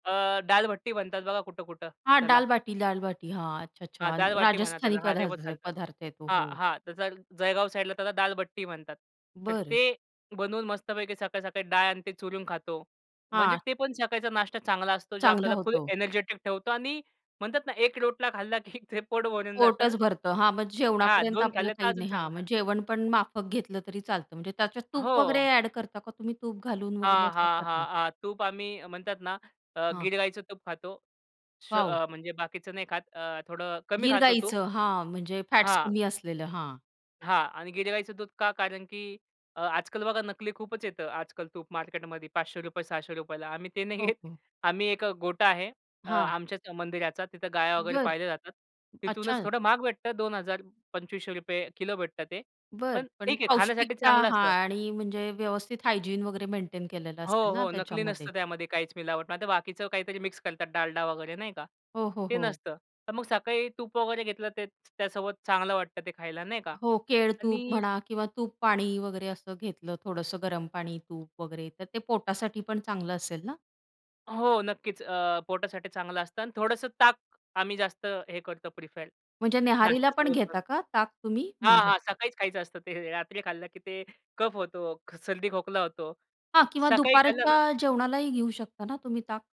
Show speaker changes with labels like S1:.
S1: अ, डाल भट्टी म्हणतात बघा कुठं-कुठं
S2: हां,
S1: त्याला.
S2: डाल बाटी दाल बाटी, हां. अच्छा,
S1: हां,
S2: अच्छा, अ
S1: दाल बाटी म्हणा
S2: राजस्थानी
S1: त्याला, हां ते पण
S2: पदार्थ
S1: चालतं.
S2: पदार्थ आहे तो,
S1: हां,
S2: हो.
S1: हां, त्याचा जळ जळगाव साइडला त्याला दाल बट्टी म्हणतात. तर
S2: बरं.
S1: ते बनवून मस्तपैकी सकाळी-सकाळी डाळ आणि ते चुरून खातो. म्हणजे
S2: हां.
S1: ते पण सकाळीचा नाष्टा चांगला असतो जे
S2: चांगला
S1: आपल्याला फुल
S2: होतो.
S1: एनर्जेटिक ठेवतो आणि म्हणतात ना, एक रोटला खाल्ला की ते पोट भरून जातं.
S2: पोटचं भरतं. हां, मग
S1: हां,
S2: जेवणापर्यंत
S1: 2
S2: आपलं
S1: खाल्ले तर
S2: काही
S1: अजून
S2: नाही.
S1: चांगला,
S2: हां,
S1: हां.
S2: मग जेवण पण माफक घेतलं तरी चालतं. म्हणजे त्याच्यात तूप वगैरे
S1: हो.
S2: एड करता का तुम्ही? तूप घालून वगैरे
S1: हां,
S2: असं
S1: हां,
S2: करता?
S1: हां, हां, तूप आम्ही म्हणतात ना अ,
S2: हां.
S1: गीर गाईचं तूप खातो. श
S2: वॉव.
S1: अ, म्हणजे बाकीचं नाही खात. अ, थोडं कमी
S2: गीर
S1: खातो तूप.
S2: गाईचं, हां म्हणजे फॅट्स
S1: हां.
S2: कमी असलेलं, हां.
S1: हां आणि गीर गाईचं दूध का? कारण की अ, आजकल बघा नकली खूपच येतं. आजकल तूप मार्केटमध्ये ₹500, ₹600. आम्ही ते नाही घेत.
S2: ओके.
S1: आम्ही एक गोठा आहे अ,
S2: हां.
S1: आमच्याच मंदिराचा. तिथे गाया वगैरे
S2: बरं,
S1: पाळल्या जातात. तिथूनच
S2: अच्छा.
S1: थोडं महाग भेटत 2,000 ₹2,500 किलो भेटत ते.
S2: बरं.
S1: पण
S2: पण
S1: ठीक आहे खाण्यासाठी
S2: पौष्टिकता
S1: चांगलं
S2: हां
S1: असतं.
S2: आणि म्हणजे व्यवस्थित हायजीन वगैरे मेंटेन केलेला
S1: हो,
S2: असेल ना,
S1: हो. नकली
S2: त्याच्यामध्ये?
S1: नसतं त्यामध्ये काहीच मिलावट. नाहीतर बाकीचं काहीतरी मिक्स करतात डालडा वगैरे नाही का,
S2: हो, हो,
S1: ते
S2: हो.
S1: नसतं. तर मग सकाळी तूप वगैरे घेतलं तेच तर त्यासोबत चांगलं वाटतं ते खायला नाही का
S2: हो केळ-तूप
S1: आणि
S2: म्हणा किंवा तूप-पाणी वगैरे असं घेतलं, थोडंसं गरम पाणी-तूप वगैरे तर ते पोटासाठी पण चांगलं असेल ना?
S1: हो, नक्कीच अ, पोटासाठी चांगलं असतं आणि थोडंसं ताक आम्ही जास्त हे करतो प्रीफर
S2: म्हणजे न्याहारीला पण
S1: नाश्त्यासोबत पण.
S2: घेता का ताक तुम्ही?
S1: हां,
S2: म्हणजे
S1: हां, सकाळीच खायचं असतं ते, रात्री खाल्लं की ते कफ होतो, क सर्दी खोकला होतो.
S2: हां, किंवा
S1: सकाळी खाल्लं
S2: दुपारच्या
S1: ना
S2: जेवणालाही घेऊ शकता ना तुम्ही ताक?